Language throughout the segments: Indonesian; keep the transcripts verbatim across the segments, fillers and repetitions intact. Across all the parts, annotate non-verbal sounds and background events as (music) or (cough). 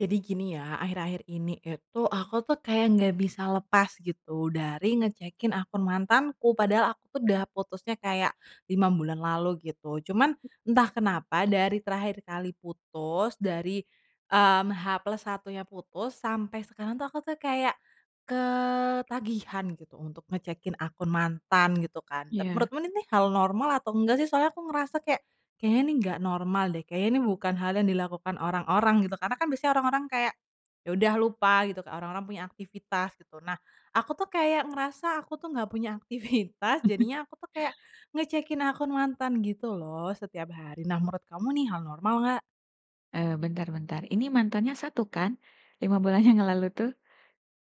Jadi gini ya akhir-akhir ini itu aku tuh kayak nggak bisa lepas gitu dari ngecekin akun mantanku. Padahal aku tuh udah putusnya kayak, lima bulan lalu gitu cuman, entah kenapa dari terakhir kali putus dari, mmm, H plus satunya putus sampai sekarang tuh aku tuh kayak, ketagihan gitu untuk ngecekin akun mantan gitu kan. Tapi Iya. menurutmu ini hal normal atau enggak sih soalnya aku ngerasa kayak, kayaknya ini nggak normal deh, kayaknya ini bukan hal yang dilakukan orang-orang gitu, karena kan biasanya orang-orang kayak, ya udah lupa gitu kayak orang-orang punya aktivitas gitu. Nah, aku tuh kayak ngerasa aku tuh nggak punya aktivitas (chuckles) jadinya aku tuh kayak, ngecekin akun mantan gitu loh setiap hari. Nah menurut kamu nih hal normal nggak? Eee, bentar bentar, ini mantannya satu kan? lima bulan yang lalu tuh?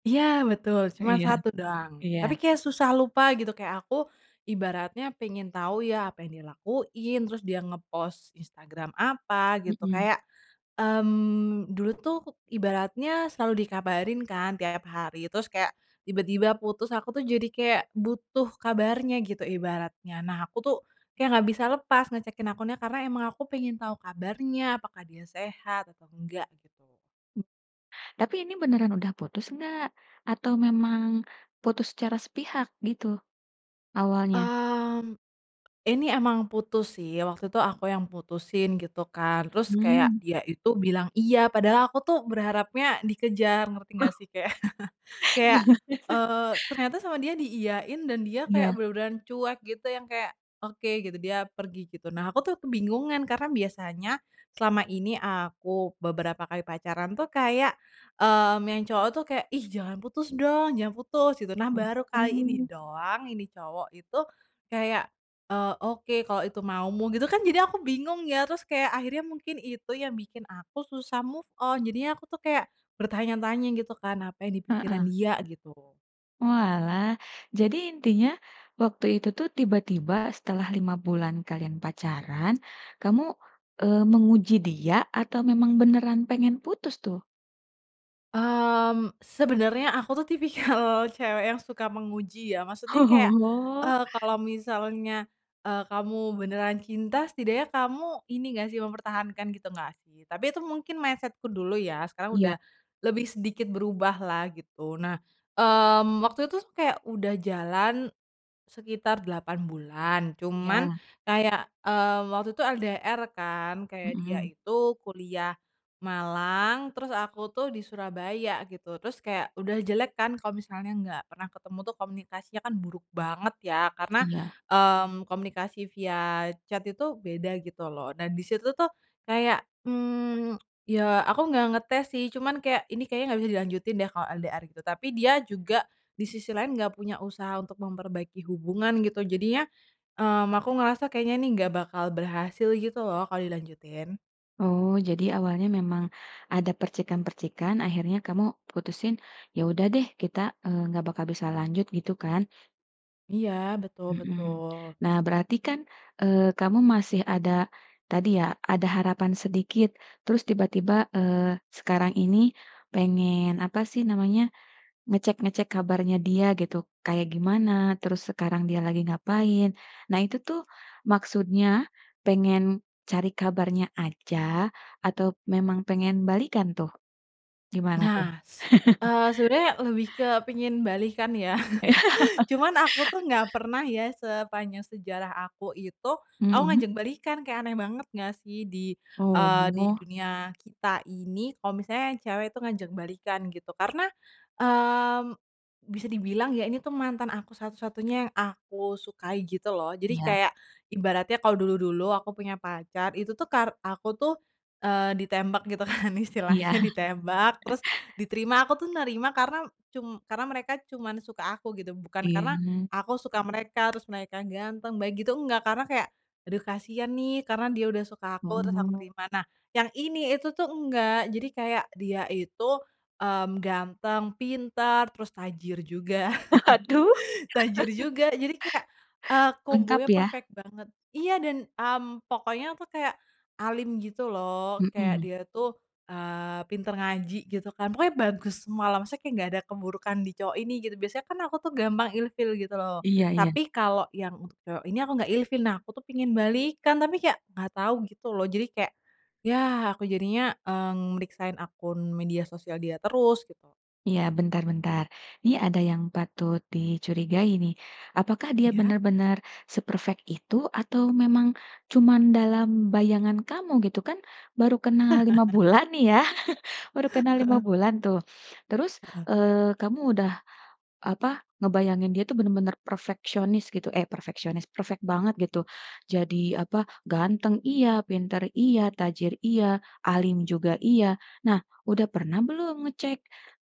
Iya betul, cuman Iya satu doang. iya. Tapi kayak susah lupa gitu kayak aku ibaratnya pengen tahu ya apa yang dia lakuin, terus dia ngepost Instagram apa gitu, Mhm. kayak, mmm, dulu tuh ibaratnya selalu dikabarin kan tiap hari terus kayak tiba-tiba putus aku tuh jadi kayak butuh kabarnya gitu ibaratnya. Nah aku tuh, kayak nggak bisa lepas ngecekin akunnya karena emang aku pengen tahu kabarnya apakah dia sehat atau enggak gitu. Tapi ini beneran udah putus enggak? Atau memang putus secara sepihak gitu, awalnya? Mmm, ini emang putus sih, waktu itu aku yang putusin gitu kan, terus kayak Hmm. dia itu bilang iya padahal aku tuh berharapnya dikejar, ngerti Oh! nggak sih kayak (laughs) Iya. kayak, (laughs) eee, ternyata sama dia diiyain dan dia kayak Iya. bener-beneran cuek gitu yang kayak, "Oke," gitu, dia pergi gitu. Nah aku tuh kebingungan karena biasanya selama ini aku beberapa kali pacaran tuh kayak, mmm, yang cowok tuh kayak, "Ih jangan putus dong, jangan putus," gitu. Nah baru Mhm, kali ini hmm. doang ini cowok itu kayak, eee, "Oke, kalau itu maumu," gitu kan, jadi aku bingung ya, terus akhirnya mungkin itu yang bikin aku susah move on, jadinya aku tuh kayak bertanya-tanya gitu kan apa yang di pikiran Heeh. dia, gitu. Oalah, jadi intinya waktu itu tuh tiba-tiba setelah lima bulan kalian pacaran, kamu, eee, menguji dia atau memang beneran pengen putus tuh? Mmm, sebenernya aku tuh tipikal cewek yang suka menguji ya, maksudnya kayak, Oh. eee, kalau misalnya, eee, kamu beneran cinta setidaknya kamu ini nggak sih mempertahankan gitu nggak sih? Tapi itu mungkin mindset-ku dulu ya sekarang Iya. udah, lebih sedikit berubahlah gitu, nah, mmm, waktu itu kayak udah jalan, sekitar delapan bulan cuman Iya. kayak, mmm, waktu itu LDR kan kayak dia Mhm. itu kuliah Malang terus aku tuh di Surabaya gitu, terus kayak udah jelek kan kalau misalnya nggak pernah ketemu tuh komunikasinya kan buruk banget ya karena, Iya. mmm, komunikasi via chat itu beda gitu loh dan di situ tuh kayak, mmm, ya aku nggak ngetes sih cuman kayak ini kayaknya nggak bisa dilanjutin deh kalau LDR gitu. Tapi dia juga, di sisi lain nggak punya usaha untuk memperbaiki hubungan gitu jadinya, mmm, aku ngerasa kayaknya ini nggak bakal berhasil gitu loh kalau dilanjutin. Oh, jadi awalnya memang, ada percikan-percikan akhirnya kamu putusin, "Ya udah deh, kita, eee, nggak bakal bisa lanjut," gitu kan? Iya, betul Mhm, betul. nah berarti kan, eee, kamu masih ada, tadi ya, ada harapan sedikit terus tiba-tiba, eee, sekarang ini pengen apa sih namanya, ngecek-ngecek kabarnya dia gitu kayak gimana, terus sekarang dia lagi ngapain, nah itu tuh maksudnya pengen cari kabarnya aja atau memang pengen balikan tuh? Gimana tuh? Nah, s (laughs) eee, sebenernya lebih ke pengen balikan ya, Iya. (chuckles) (laughs) cuman aku tuh nggak pernah ya sepanjang sejarah aku itu, aku Mhm. ngajak balikan kayak aneh banget nggak sih di eee, di Oh. dunia kita ini kalau misalnya yang cewek itu ngajak balikan gitu. Karena, mmm, bisa dibilang ya ini tuh mantan aku satu-satunya yang aku sukai gitu loh, jadi Iya. kayak, ibaratnya kalau dulu-dulu aku punya pacar itu tuh kar aku tuh, eee, ditembak gitu kan Iya. istilahnya ditembak, (chuckles) terus diterima, aku tuh nerima karena cum karena mereka cuman suka aku gitu bukan karena Iya. aku suka mereka terus mereka ganteng baik gitu, enggak, karena kayak, aduh kasihan nih karena dia udah suka aku terus aku Oh. terima. Nah, yang ini itu tuh enggak, jadi kayak dia itu, mmm, ganteng, pinter, terus tajir juga, Aduh. (chuckles) tajir (chuckles) juga jadi kayak, eee, Lengkap kombonya ya. perfect banget. Iya dan, mmm, pokoknya itu kayak, alim gitu loh kayak Mhm. dia tuh, eee, pinter ngaji gitu kan, pokoknya bagus semualah maksudnya kayak nggak ada keburukan di cowok ini gitu, biasanya kan aku tuh gampang ilfil gitu loh, Iya iya. tapi kalau yang untuk cowok ini aku nggak ilfil. Nah aku tuh pengen balikan tapi kayak nggak tahu gitu loh jadi kayak, ya aku jadinya, mmm, meriksain akun media sosial dia terus gitu. Iya bentar bentar, ini ada yang patut dicurigai nih, apakah dia Iya. benar-benar se-perfect itu atau memang cuman dalam bayangan kamu, gitu? Kan baru kenal lima (laughs) bulan nih ya, (chuckles) baru kenal lima Heeh. bulan tuh, terus, Heeh. eee, kamu udah apa, ngebayangin dia itu bener-bener perfeksionis gitu eh, perfeksionis, perfect banget gitu. Jadi apa ganteng iya, pinter iya, tajir iya, alim juga iya. Nah udah pernah belum ngecek,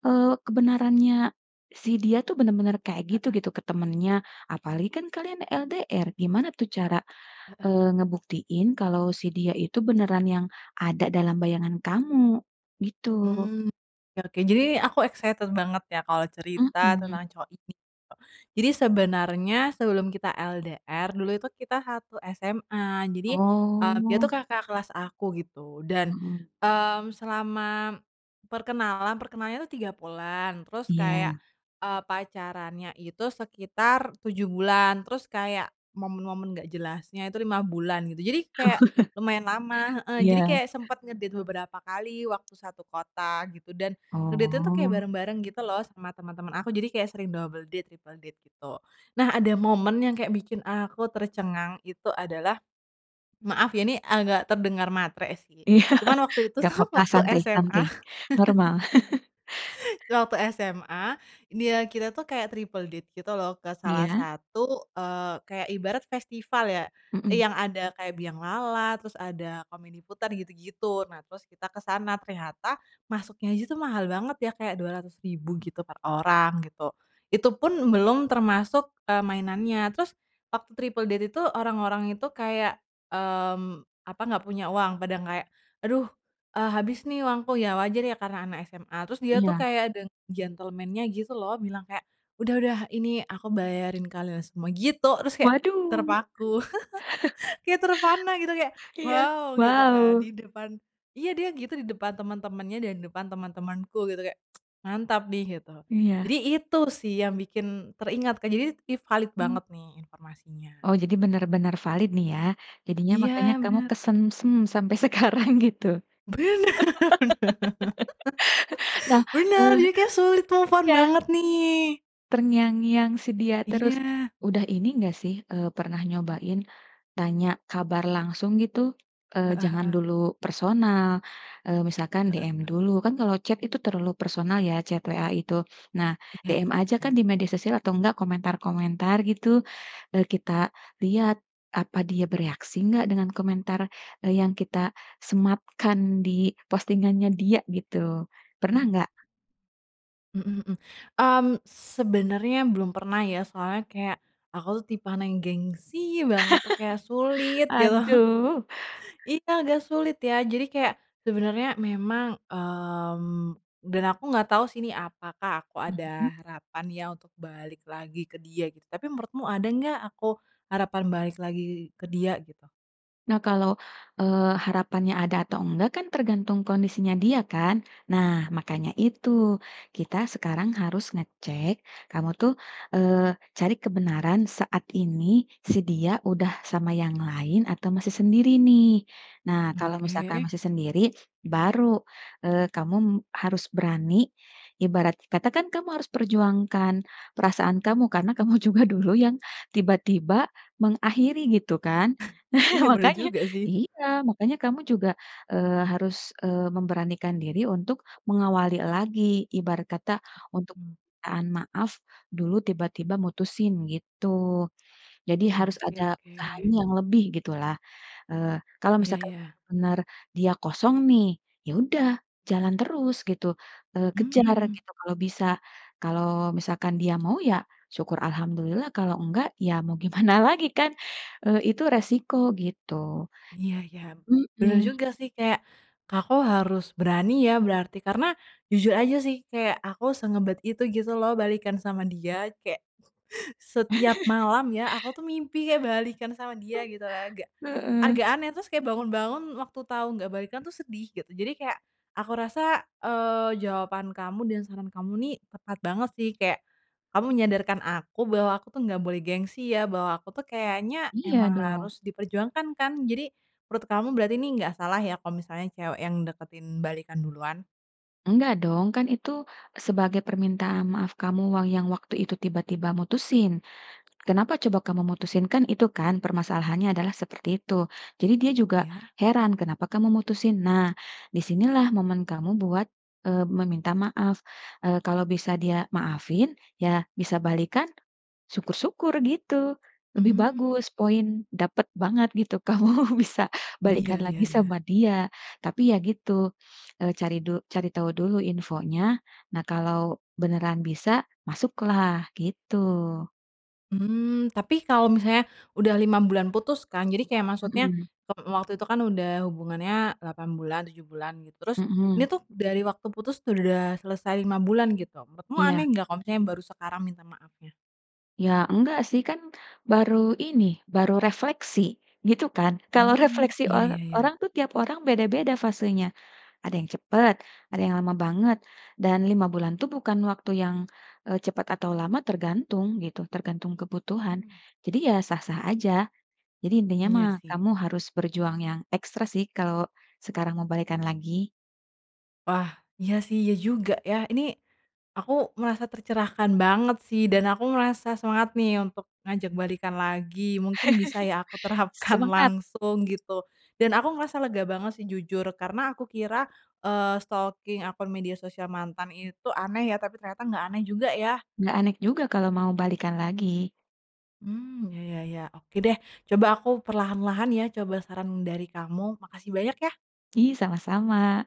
eee, kebenarannya si dia itu bener-bener kayak gitu Heeh. gitu ke temennya, apalagi kan kalian LDR gimana tuh cara, Heeh. eee, ngebuktiin kalau si dia itu beneran yang ada dalam bayangan kamu, gitu? Mmm, oke oke. Jadi ni aku excited banget ya kalau cerita Mhm. tentang cowok ini tuh, jadi sebenarnya sebelum kita LDR dulu itu kita satu SMA jadi, eee, dia itu Oh. kakak kelas aku gitu dan, Mhm. mmm, selama perkenalan perkenalannya itu tiga bulan terus Iya. kayak, eee, pacarannya itu sekitar tujuh bulan, terus kayak momen-momen nggak jelasnya itu lima bulan gitu. Jadi kayak Oh. (laughs) lumayan lama heeh, jadi Iya. kayak sempet nge-date beberapa kali waktu satu kota gitu dan, nge-date-nya itu kayak Oh. bareng-bareng gitu loh sama temen-temen aku jadi kayak sering double date, triple date gitu. Nah ada momen yang kayak bikin aku tercengang itu adalah, maaf ya ini agak terdengar matre sih Iya, cuman waktu itu nggak sa apa-apa waktu santai, SMA santai. (laughs) Normal. (chuckles) tuh waktu SMA, dia kita itu kayak triple date gitu loh, ke salah Iya. satu, eee, kayak ibarat festival ya, Mhm. yang ada kayak bianglala, terus ada komedi putar gitu-gitu. Nah terus kita kesana, ternyata masuknya aja itu mahal banget ya kayak dua ratus ribu gitu per orang gitu, itu pun belum termasuk, eee, mainannya. Terus waktu triple date itu orang-orang itu kayak, mmm, apa, nggak punya uang pada kayak, "Aduh, eee, habis nih uangku," ya wajar ya karena anak SMA. Terus dia itu Iya. kayak ada gentlemen-nya gitu loh bilang kayak, "Udah udah ini aku bayarin kalian semua," gitu terus kayak Waduh. terpaku, (chuckles) (chuckles) kayak terpana gitu kayak, Iya, "wow," gitu kan wow. di depan iya dia gitu di depan teman-temannya dan di depan teman-temanku gitu kayak, (tsk) "Mantap nih," gitu. Iya. Jadi itu sih yang bikin teringat, kan jadi ini if halid banget Mmm. nih informasinya. Oh jadi bener-bener valid nih ya, jadinya Iya makanya kamu bener. kesengsem sampai sekarang gitu. Bener! bener (laughs) Nah, bener, eh jadi kayak sulit move on iya. banget nih. Terngiang-ngiang si dia terus. Iya. Udah ini nggak sih, eee, pernah Mmm. nyobain, tanya kabar langsung gitu? Eee, Heeh jangan heeh. dulu personal, eee, misalkan Heeh. DM dulu kan kalau chat itu terlalu personal ya chat WA itu, nah Iya DM iya aja kan iya. di media sosial atau enggak komentar-komentar gitu, eee, kita lihat, apa dia bereaksi nggak dengan komentar, eee, yang kita sematkan di postingannya dia gitu, pernah Mmm. nggak? Mhm mhm, mmm, sebenernya belum pernah ya soalnya kayak, aku tuh tipean yang gengsi banget tuh kayak sulit (laughs) gitu. (chuckles) Aduh. Iya, agak sulit ya. Jadi kayak, sebenernya memang, mmm, dan aku nggak tahu sih ini apakah aku ada Mhm. harapan ya untuk balik lagi ke dia gitu tapi menurutmu ada nggak aku harapan balik lagi ke dia gitu? Nah kalau, eee, harapannya ada atau enggak kan tergantung kondisinya dia kan? Nah makanya itu kita sekarang harus ngecek kamu tuh, eee, cari kebenaran saat ini si dia udah sama yang lain atau masih sendiri nih, nah kalau misalkan Oke. masih sendiri baru, eee, kamu harus berani, ibarat kata kan kamu harus perjuangkan perasaan kamu karena kamu juga dulu yang tiba-tiba mengakhiri gitu kan? (snorts) Nah Iya bener makanya juga sih. iya, makanya kamu juga, eee, harus, eee, memberanikan diri untuk mengawali lagi ibarat kata untuk, Mhm. permintaan maaf dulu tiba-tiba mutusin gitu, jadi harus Oke ada oke. usahanya yang lebih gitulah, eee, kalau Iya misalkan ya. bener dia kosong nih ya udah jalan terus gitu, eee, kejar Mmm. gitu kalau bisa kalau misalkan dia mau ya syukur alhamdulillah kalau enggak ya mau gimana lagi kan? Eee, itu resiko gitu, Iya iya, bener mhm. juga sih kayak, aku harus berani ya berarti karena jujur aja sih kayak aku sengebet itu gitu loh balikan sama dia tuh kayak, (laughs) setiap (laughs) malam ya aku tuh mimpi kayak balikan sama dia (laughs) gitu agak, Heeh. agak aneh terus bangun-bangun waktu tau nggak balikan itu sedih gitu. Jadi kayak, aku rasa, eee, jawaban kamu dan saran kamu nih tepat banget sih kayak, kamu menyadarkan aku bahwa aku tuh nggak boleh gengsi ya, bahwa aku tuh kayaknya Iya emang dong. harus diperjuangkan kan? Jadi, menurut kamu berarti ini nggak salah ya kalau misalnya cewek yang deketin balikan duluan? Enggak dong, kan itu sebagai permintaan maaf kamu wang yang waktu itu tiba-tiba mutusin. Kenapa coba kamu mutusin, kan itu kan permasalahannya adalah seperti itu. Jadi dia juga Ya. heran kenapa kamu mutusin. Nah, di sinilah momen kamu buat, eee, meminta maaf. Eee, kalau bisa dia maafin ya bisa balikan, syukur-syukur gitu, lebih Mmm. bagus, poin dapet banget gitu kamu bisa Iya balikan iya lagi iya. sama dia. Tapi ya gitu, eee, cari du cari tahu dulu infonya. Nah kalau beneran bisa, masuklah, gitu. Mmm. Tapi kalau misalnya udah lima bulan putus kan, jadi kayak maksudnya, Mhm. mmm, waktu itu kan udah hubungannya delapan bulan, tujuh bulan gitu. Terus ini Mhm. tuh dari waktu putus udah selesai lima bulan gitu. Menurutmu Iya. aneh nggak kalau misalnya baru sekarang minta maafnya? Ya enggak sih. Kan baru ini, baru refleksi. Gitu kan? Kalau Hmm. refleksi Iya or iya iya. orang tuh, tiap orang beda-beda fasenya. Ada yang cepet, ada yang lama banget. Dan lima bulan tuh bukan waktu yang, eee, cepet atau lama, tergantung gitu tergantung kebutuhan. Mmm. Jadi ya sah-sah aja. Jadi intinya Iya mah sih. kamu harus berjuang yang ekstra sih kalau sekarang mau balikan lagi. Wah. Iya sih, iya juga ya. Ini aku merasa tercerahkan banget sih dan aku ngerasa semangat nih untuk ngajak balikan lagi. Mungkin bisa ya aku (laughs) terapkan Semangat. langsung gitu. Dan aku ngerasa lega banget sih, jujur. Karena aku kira, eee, stalking akun media sosial mantan itu aneh ya, tapi ternyata nggak aneh juga ya. Nggak anek juga kalau mau balikan lagi. Mmm, hmm. Ya ya ya. Oke deh. Coba aku perlahan-lahan ya coba saran dari kamu. Makasih banyak ya. Ih, sama-sama.